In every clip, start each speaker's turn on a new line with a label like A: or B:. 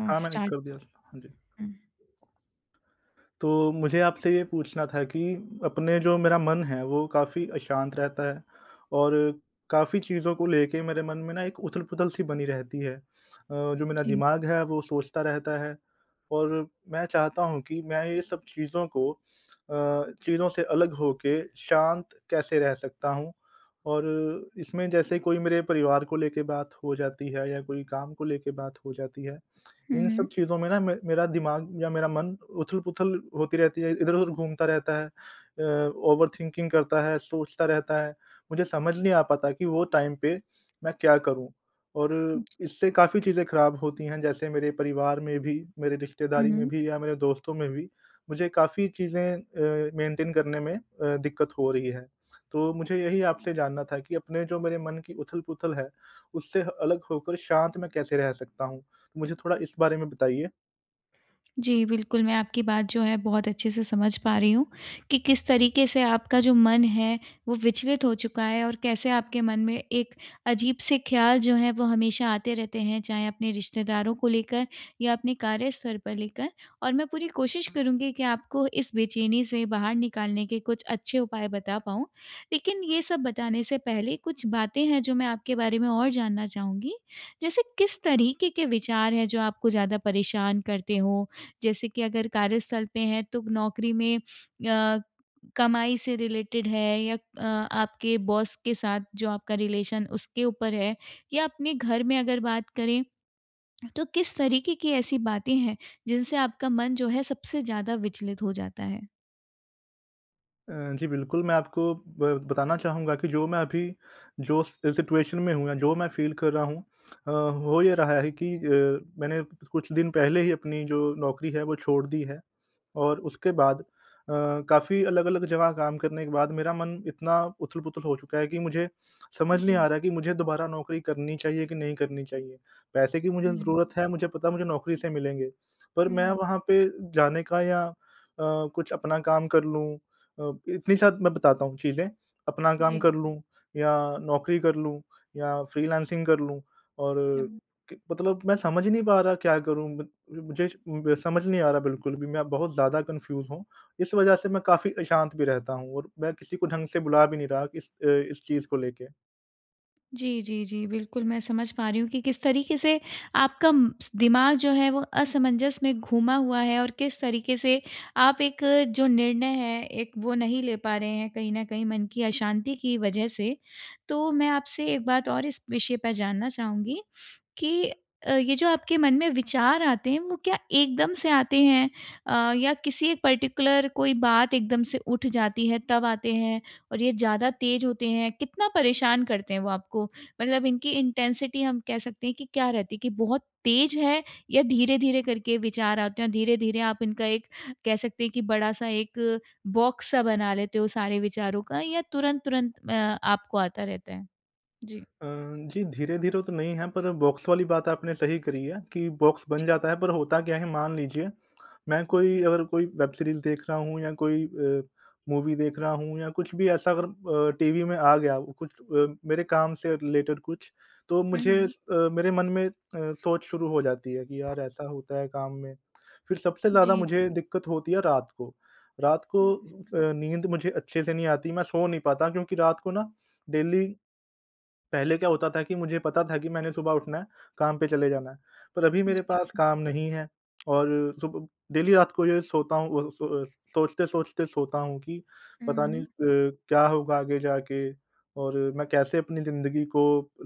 A: हुँ।
B: हाँ मैंने
A: स्टार्ट
B: कर दिया था। हाँ जी।
A: हुँ।
B: तो मुझे आपसे ये पूछना था कि अपने जो मेरा मन है वो काफ़ी अशांत रहता है और काफ़ी चीज़ों को लेकर मेरे मन में ना एक उथल-पुथल सी बनी रहती है। अ, जो मेरा
A: जी।
B: दिमाग है वो सोचता रहता है और मैं चाहता हूँ कि मैं ये सब चीज़ों को अ, चीज़ों से अलग होके शांत कैसे रह सकता हूँ? और इसमें जैसे कोई मेरे परिवार को ले के बात हो जाती है या कोई काम को ले के बात हो जाती है,
A: हुँ,
B: इन सब
A: हुँ।
B: चीज़ में ना मेरा दिमाग या मेरा मन उथल-पुथल होती रहती है, इधर-उधर घूमता रहता है। अ, ओवर थिंकिंग करता है, सोचता रहता है, मुझे समझ नहीं आ पाता कि वो टाइम पे मैं क्या करूँ? और
A: जी।
B: इससे काफ़ी चीज़ें ख़राब होती हैं, जैसे मेरे परिवार में भी, मेरे
A: हुँ,
B: रिश्तेदारी में
A: हुँ।
B: भी या मेरे दोस्तों में भी मुझे काफ़ी चीज़ें अ, मेंटेन करने में अ, दिक्कत हो रही है। तो मुझे यही आपसे जानना था कि अपने जो मेरे मन की उथल-पुथल है उससे अलग होकर शांत में कैसे रह सकता हूँ? मुझे थोड़ा इस बारे में बताइए।
A: जी, बिल्कुल, मैं आपकी बात जो है बहुत अच्छे-से समझ पा रही हूँ, की किस तरीके से आपका जो मन है वो विचलित हो चुका है और कैसे आपके मन में एक अजीब से ख्याल जो है वो हमेशा आते रहते हैं चाहे अपने रिश्तेदारों को लेकर या अपने कार्य स्तर पर लेकर और मैं पूरी कोशिश करूँगी कि आपको इस बेचैनी से बाहर निकालने के कुछ अच्छे उपाय बता पाऊँ। लेकिन ये सब बताने से पहले कुछ बातें हैं जो मैं आपके बारे में और जानना चाहूँगी? जैसे किस तरीके के विचार हैं जो आपको ज़्यादा परेशान करते हो? जैसे कि अगर कार्यस्थल पे हैं तो नौकरी में या कमाई से रिलेटेड है? या अ, आपके बॉस के साथ जो आपका रिलेशन उसके ऊपर है? या अपने घर में अगर बात करें, तो किस तरीके की ऐसी बातें हैं, जिनसे आपका मन जो है सबसे ज़्यादा विचलित हो जाता है?
B: अ, जी, बिल्कुल, मैं आपको ब बताना चाहूँगा की जो मैं अभी जो सिचुएशन में हूँ, जो मैं फ़ील कर रहा हूँ। अ, हो ये रहा है कि अ, मैंने कुछ दिन पहले ही अपनी जो नौकरी है वो छोड़ दी है। और उसके बाद अ, काफ़ी अलग-अलग जगह काम करने के बाद मेरा मन इतना उथल-पुथल हो चुका है कि मुझे समझ नहीं
A: जी।
B: आ रहा की मुझे दोबारा नौकरी करनी चाहिए कि नहीं करनी चाहिए। पैसे की मुझे
A: हुँ।
B: ज़रूरत है मुझे पता है मुझे नौकरी से मिलेंगे, पर मैं
A: हुँ।
B: वहाँ पे जाने का या अ, कुछ अपना काम कर लूँ अ, इतनी साथ मैं बताता हूँ चीज़ें, अपना काम
A: जी।
B: कर लूँ या नौकरी कर लूँ या फ्रीलांसिंग कर लूँ और
A: हुँ।
B: की मतलब मैं समझ नहीं पा रहा क्या करूँ? मुझे समझ नहीं आ रहा बिल्कुल भी मैं बहुत ज़्यादा कन्फ़्यूज़ हूँ, इस वजह से मैं काफ़ी अशांत भी रहता हूँ और मैं किसी को ढंग से बुला भी नहीं रहा इस अ, इस चीज़ को लेके।
A: जी, जी, जी बिल्कुल मैं समझ पा रही हूँ कि किस तरीक़े से आपका म दिमाग जो है वो असमंजस में घूमा हुआ है और किस तरीक़े से आप एक जो निर्णय है एक वो नहीं ले पा रहे हैं कहीं न कहीं मन की अशांति की वजह से। तो मैं आपसे एक बात और इस विषय पे जानना चाहूँगी कि अ, ये जो आपके मन में विचार आते हैं वो क्या एकदम से आते हैं, अ, या किसी एक पर्टिकुलर कोई बात एकदम से उठ जाती है तब आते हैं और ये ज़्यादा ते होते हैं कितना परेशान करते हैं वो आपको? मतलब इनकी इंटेंसिटी हम कह सकते हैं कि क्या रहती है कि बहुत तेज़ है या धीरे-धीरे करके विचार आते हैं और धीरे-धीरे आप इनका एक कह सकते हैं कि बड़ा-सा 1 बॉक्स सा बना लेते हो सारे विचारों का या तुरंत-तुरंत अ, आपको आता रहता है? जी।
B: अ, जी, धीरे-धीरे तो नहीं है, पर बॉक्स वाली बात आपने सही करी है कि बॉक्स बन
A: जी।
B: जाता है पर होता क्या है, मान लीजिए मैं कोई अगर कोई वेब सीरीज़ देख रहा हूँ या कोई अ, मूवी देख रहा हूँ या कुछ भी ऐसा अगर अ, टीवी में आ गया कुछ अ, मेरे काम से रिलेटेड कुछ तो
A: हुँ,
B: मुझे अ,
A: हुँ।
B: मेरे मन में अ, सोच शुरू हो जाती है कि यार ऐसा होता है काम में। फ़िर सबसे ज़्यादा
A: जी, जी।
B: मुझे दिक़्क़त होती है रात को। रात
A: हुँ,
B: को,
A: हुँ।
B: अ, नींद मुझे अच्छे से नहीं आती मैं सो नहीं पाता क्योंकि रात को ना डेली पहले क्या होता था कि मुझे पता था कि मैंने सुबह उठना है काम पे चले जाना है। पर अभी मेरे
A: जी।
B: पास काम नहीं है और सु डेली रात को ये है सोता हूँ, अ, सोए सोचते-सोचते सोता हूँ कि पता नहीं
A: हुँ।
B: अ, क्या होगा आगे जाके और मैं कैसे अपनी ज़िंदगी को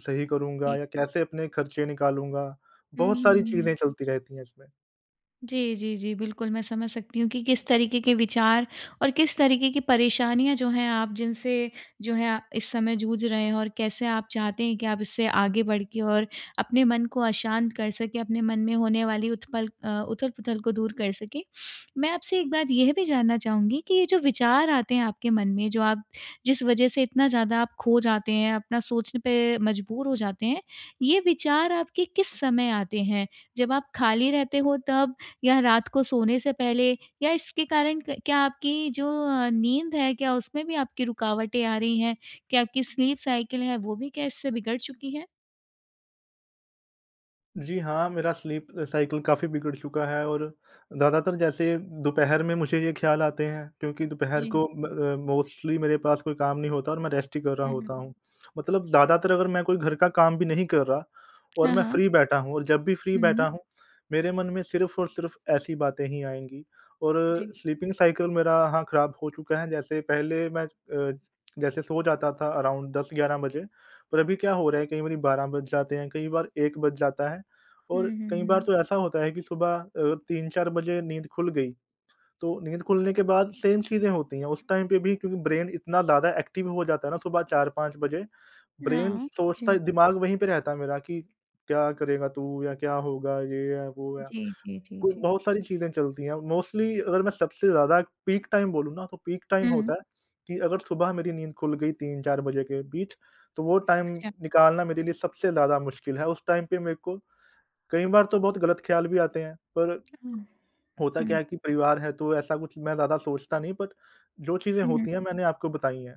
B: सही करूँगा
A: ठीक।
B: या कैसे अपने ख़र्चे निकालूँगा।
A: हुँ,
B: बहुत सारी
A: हुँ, हुँ।
B: चीज़ें चलती रहती हैं इसमें।
A: जी, जी, जी। बिल्कुल मैं समझ सकती हूँ कि किस तरीके के विचार और किस तरीके की परेशानियाँ जो हैं आप जिनसे जो है इस समय जूझ रहे हैं। और कैसे आप चाहते हैं कि आप इससे आगे बढ़ के और अपने मन को अशांत कर सकें, अपने मन में होने वाली उत्पल अ, उथल-पुथल को दूर कर सकें। मैं आपसे एक बात यह भी जानना चाहूँगी कि ये जो विचार आते हैं आपके मन में जो आप जिस वज़ह से इतना ज़्यादा आप खो जाते हैं, अपना सोचने पे मजबूर हो जाते हैं, ये विचार आपके किस समय आते हैं? जब आप खाली रहते हो तब? या रात को सोने से पहले? या इसके कारण क क्या आपकी जो नींद है क्या उसमें भी आपकी रुकावटें आ रही हैं? क्या आपकी स्लीप साइकिल है वो भी क्या इससे बिगड़ चुकी है?
B: जी, हाँ। मेरा स्लीप साइकिल काफ़ी बिगड़ चुका है। और ज़्यादातर जैसे दोपहर में मुझे ये ख़्याल आते हैं क्योंकि दोपहर
A: जी।
B: को म अ, मोस्टली मेरे पास कोई काम नहीं होता और मैं रेस्ट ही कर रहा
A: हुँ, हुँ,
B: होता
A: हुँ।
B: हूँ। मतलब ज़्यादातर अगर मैं कोई घर का काम भी नहीं कर रहा और
A: हाँ,
B: मैं
A: हाँ।
B: फ्री बैठा हूँ और जब भी फ्री बैठा
A: हुँ।
B: हूँ मेरे मन में सिर्फ़ और सिर्फ़ ऐसी बातें ही आएँगी। और
A: जी।
B: स्लीपिंग साइकिल मेरा हाँ, ख़राब हो चुका है। जैसे पहले मैं अ, जैसे सो जाता था अराउंड 10-11 बजे। पर अभी क्या हो रहा है कई बारी 12 बज जाते हैं, कई बार 1 बज जाता है। और
A: हुँ, हुँ,
B: कई बार
A: हुँ।
B: तो ऐसा होता है कि सुबह अ, 3-4 बजे नींद खुल गई। तो नींद खुलने के बाद सेम चीजें होती है। उस टाइम पे भी क्योंकि ब्रेन इतना ज़्यादा एक्टिव हो जाता है ना सुबह 4-5 बजे, ब्रेन
A: हाँ,
B: सोचता
A: जी।
B: दिमाग वही पे रहता है मेरा कि क्या करेगा तू? या क्या होगा? ये है, वो है।
A: जी, जी, जी,
B: क
A: जी।
B: बहुत सारी चीजें चलती है। मोस्टली अगर मैं सबसे ज़्यादा पीक टाइम बोलूँ ना तो पीक टाइम
A: हुँ।
B: होता है कि अगर सुबह मेरी नींद खुल गई 3-4 बजे के बीच तो वो टाइम
A: अच्छा।
B: निकालना मेरे लिए सबसे ज़्यादा मुश्किल है। उस टाइम पे मेरे को कई बार तो बहुत गलत ख़्याल भी आते हैं। पर
A: हुँ,
B: होता क्या
A: हुँ।
B: है कि परिवार है तो ऐसा कुछ मैं ज़्यादा सोचता नहीं बट जो चीज़ें
A: हुँ, हुँ।
B: होती है मैंने आपको बताई है।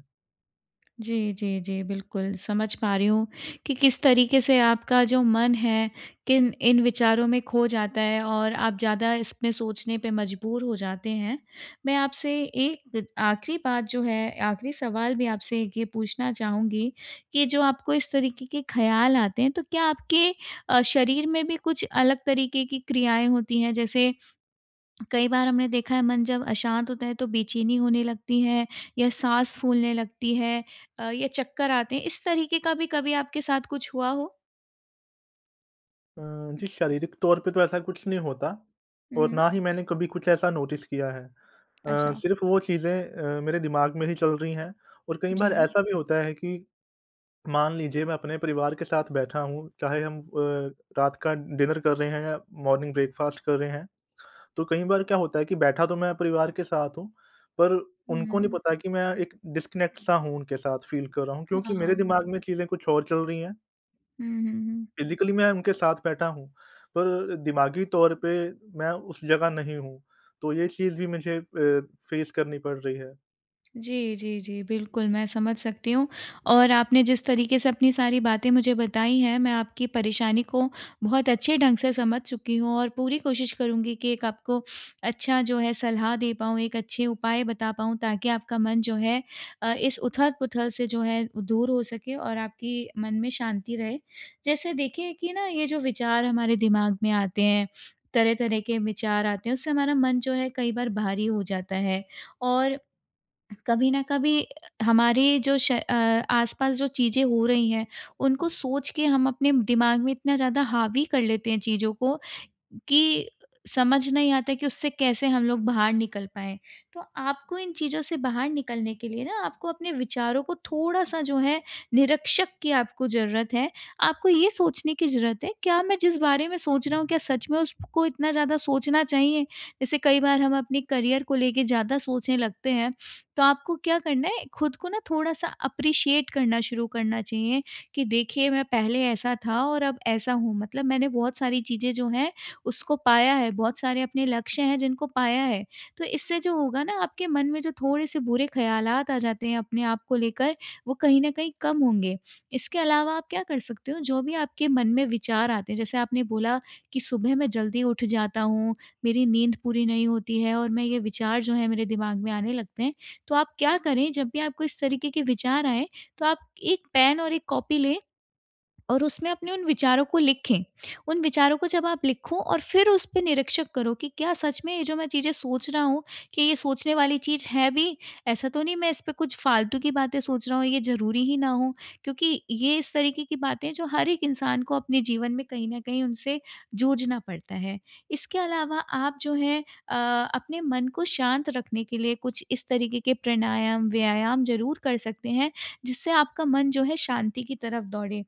A: जी, जी, जी, बिल्कुल। समझ पा रही हूँ कि, किस तरीके से आपका जो मन है, किन इन विचारों में खो जाता है और आप ज़्यादा इसमें सोचने पे मजबूर हो जाते हैं। मैं आपसे एक आख़िरी बात जो है, आख़िरी सवाल भी आपसे एक ये पूछना चाहूँगी कि जो आपको इस तरीके के ख़्याल आते हैं, तो क्या आपके अ, शरीर में भी कुछ अलग तरीके की क्रियाएँ होती हैं? जैसे कई बार हमने देखा है, मन जब अशांत होता है तो बेचैनी होने लगती है या साँस फूलने लगती है अ, ये चक्कर आते हैं, इस तरीके का भी कभी आपके साथ कुछ हुआ हो?
B: अ, जी, शारीरिक तौर पे तो ऐसा कुछ नहीं होता,
A: हुँ,
B: और
A: हुँ।
B: ना ही मैंने कभी कुछ ऐसा नोटिस किया है। अ,
A: अच्छा।
B: सिर्फ़ वो चीज़ें अ, मेरे दिमाग में ही चल रही हैं। और कई बार
A: जी।
B: ऐसा भी होता है कि मान लीजिए, मैं अपने परिवार के साथ बैठा हूँ, चाहे हम अ, रात का डिनर कर रहे हैं या मॉर्निंग ब्रेकफ़ास्ट कर रहे हैं। तो कई बार क्या होता है कि बैठा तो मैं परिवार के साथ हूँ, पर उनको नहीं
A: हुँ।
B: पता कि मैं एक डिस्कनेक्ट-सा हूँ उनके साथ, फ़ील कर रहा हूँ क्योंकि मेरे
A: हाँ,
B: दिमाग
A: जी।
B: में चीज़ें कुछ और चल रही हैं।
A: हुँ, हुँ, हुँ।
B: फ़िज़िकली मैं उनके साथ बैठा हूँ पर दिमागी तौर पे मैं उस जगह नहीं हूँ। तो ये चीज़ भी मुझे अ, फेस करनी पड़ रही है।
A: जी, जी, जी। बिल्कुल, मैं समझ सकती हूँ और आपने जिस तरीके से अपनी सारी बातें मुझे बताई हैं मैं आपकी परेशानी को बहुत अच्छे ढंग से समझ चुकी हूँ। और पूरी कोशिश करूँगी कि एक आपको अच्छा जो है सलाह दे पाऊँ, एक अच्छे उपाय बता पाऊँ ताकि आपका मन जो है अ, इस उथल-पुथल से जो है दूर हो सके और आपकी मन में शांति रहे। जैसे देखिए कि ना ये जो विचार हमारे दिमाग में आते हैं, तरह-तरह के विचार आते हैं उससे हमारा मन जो है कई बार भारी हो जाता है। और कभी न कभी हमारी जो श अ, आसपास जो चीज़ें हो रही हैं उनको सोच के हम अपने दिमाग में इतना ज़्यादा हावी कर लेते हैं चीज़ों को कि, समझ नहीं आता कि उससे कैसे हम लोग बाहर निकल पाएँ? तो आपको इन चीज़ों से बाहर निकलने के लिए ना आपको अपने विचारों को थोड़ा-सा जो है निरीक्षक की आपको ज़रूरत है। आपको ये सोचने की ज़रूरत है क्या मैं जिस बारे में सोच रहा हूँ, क्या सच में उसको इतना ज़्यादा सोचना चाहिए? जैसे कई बार हम अपने करियर को लेके ज़्यादा सोचने लगते हैं तो आपको क्या करना है, ख़ुद को ना थोड़ा-सा एप्रिशिएट करना शुरू करना चाहिए कि देखिए मैं पहले ऐसा था और अब ऐसा हूँ। मतलब मैंने बहुत सारी चीज़ें जो हैं उसको पाया है, बहुत सारे अपने लक्ष्य हैं जिनको पाया है। तो इससे जो होगा ना आपके मन में जो थोड़े-से बुरे ख़्यालात आ जाते हैं अपने आप को लेकर वो कहीं न कहीं कम होंगे। इसके अलावा आप क्या कर सकते हो, जो भी आपके मन में विचार आते हैं जैसे आपने बोला कि सुबह मैं जल्दी उठ जाता हूँ, मेरी नींद पूरी नहीं होती है और मैं ये विचार जो हैं मेरे दिमाग में आने लगते हैं। तो आप क्या करें जब भी आपको इस तरीके के विचार आए तो आप 1 पेन और 1 कॉपी लें और उसमें अपने उन विचारों को लिखें। उन विचारों को जब आप लिखो और फ़िर उस पे निरीक्षक करो कि क्या सच में ये जो मैं चीज़ें सोच रहा हूँ कि ये सोचने वाली चीज़ है भी, ऐसा तो नहीं मैं इस पे कुछ फ़ालतू की बातें सोच रहा हूँ, ये ज़रूरी ही ना हो। क्योंकि ये इस तरीके की बातें हैं, जो हर एक इंसान को अपने जीवन में कहीं न कहीं उनसे जूझना पड़ता है। इसके अलावा आप जो हैं अ, अपने मन को शांत रखने के लिए कुछ इस तरीके के प्राणायाम, व्यायाम ज़रूर कर सकते हैं जिससे आपका मन जो है शांति की तरफ़ दौड़े।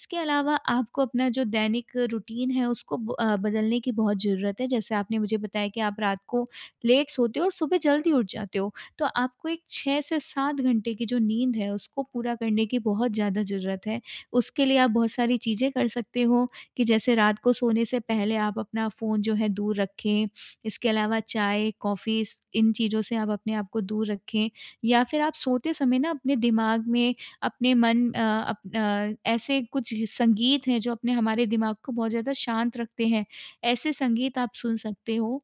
A: इसके अलावा आपको अपना जो दैनिक रूटीन है उसको ब अ, बदलने की बहुत ज़रूरत है जैसे आपने मुझे बताया कि आप रात को लेट सोते हो और सुबह जल्दी उठ जाते हो। तो आपको एक 6 से 7 घंटे की जो नींद है उसको पूरा करने की बहुत ज़्यादा ज़रूरत है। उसके लिए आप बहुत सारी चीज़ें कर सकते हो कि जैसे रात को सोने से पहले आप अपना फ़ोन जो है दूर रखें, इसके अलावा चाय, कॉफ़ीज़ इन चीज़ों से आप अपने आप को दूर रखें। या फ़िर आप सोते समय ना अपने दिमाग में, अपने मन अ, अप अ, ऐसे कुछ संगीत हैं जो अपने हमारे दिमाग को बहुत ज़्यादा शांत रखते हैं, ऐसे संगीत आप सुन सकते हो।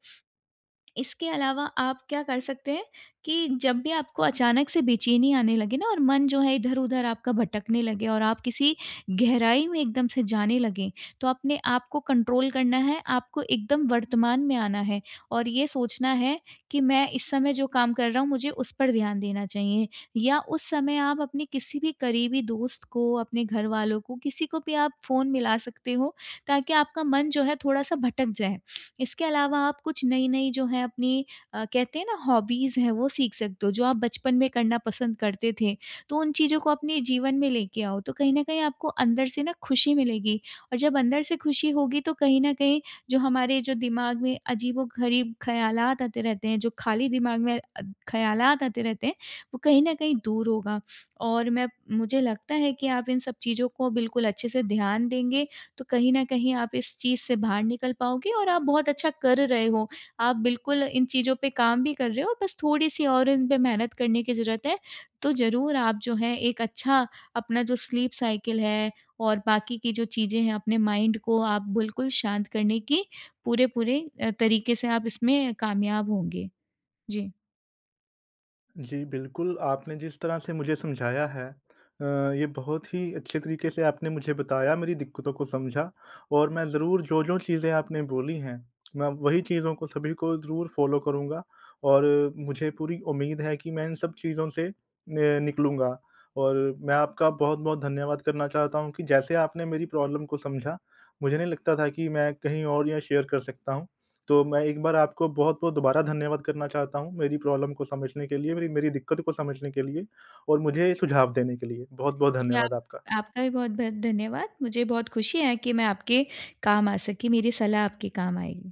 A: इसके अलावा आप क्या कर सकते हैं कि जब भी आपको अचानक से बेचैनी आने लगे ना और मन जो है इधर-उधर आपका भटकने लगे और आप किसी गहराई में एकदम से जाने लगे। तो अपने आप को कंट्रोल करना है, आपको एकदम वर्तमान में आना है और ये सोचना है कि मैं इस समय जो काम कर रहा हूँ मुझे उस पर ध्यान देना चाहिए। या उस समय आप अपने किसी भी करीबी दोस्त को, अपने घरवालों को किसी को भी आप फ़ोन मिला सकते हो। ताकि आपका मन जो है थोड़ा-सा भटक जाए। इसके अलावा आप कुछ नई-नई जो हैं अपनी अ, कहते हैं ना हॉबीज़ हैं वो सीख सकते हो, जो आप बचपन में करना पसंद करते थे। तो उन चीज़ों को अपने जीवन में ले के आओ, तो कहीं न कहीं आपको अंदर से ना ख़ुशी मिलेगी और जब अंदर से ख़ुशी होगी। तो कहीं न कहीं जो हमारे जो दिमाग में अजीबो-गरीब ख़्यालात आते रहते हैं, जो खाली दिमाग में अद ख़्यालात आते रहते हैं, वो कहीं न कहीं दूर होगा। और मैं मुझे लगता है कि आप इन सब चीज़ों को बिल्कुल अच्छे से ध्यान देंगे, तो कहीं न कहीं आप इस चीज़ से बाहर निकल पाओगे और आप बहुत अच्छा कर रहे हो। आप बिल्कुल इन चीज़ों पे काम भी कर रहे हो बस थोड़ी-सी और इन पे मेहनत करने की ज़रूरत है। तो ज़रूर आप जो हैं एक अच्छा अपना जो स्लीप साइकिल है और बाकी की जो चीज़ें हैं अपने माइंड को आप बिल्कुल शांत करने की पूरे-पूरे अ, तरीके से आप इसमें कामयाब होंगे। जी।
B: जी, बिल्कुल आपने जिस तरह से मुझे समझाया है, अ, ये बहुत ही अच्छे तरीक़े से आपने मुझे बताया, मेरी दिक्कतों को समझा और मैं ज़रूर जो-जो चीज़ें आपने बोली हैं मैं वहीं चीज़ों को, सभी को ज़रूर फ़ॉलो करूँगा। और मुझे पूरी उम्मीद है कि मैं इन सब चीज़ों से मैं निकलूँगा और मैं आपका बहुत-बहुत धन्यवाद करना चाहता हूँ कि जैसे आपने मेरी प्रॉब्लम को समझा मुझे नहीं लगता था कि मैं कहीं और ये शेयर कर सकता हूँ। तो मैं एक बार आपको बहुत-बहुत दोबारा धन्यवाद करना चाहता हूँ मेरी प्रॉब्लम को समझने के लिए, मेरी मेरी दिक्कत को समझने के लिए और मुझे सुझाव देने के लिए। बहुत-बहुत
A: जी,
B: धन्यवाद
A: आप
B: आपका।
A: आपका भी बहुत-बहुत धन्यवाद। मुझे बहुत ख़ुशी है कि मैं आपके काम आ सकी, मेरी सलाह आपके काम आएगी।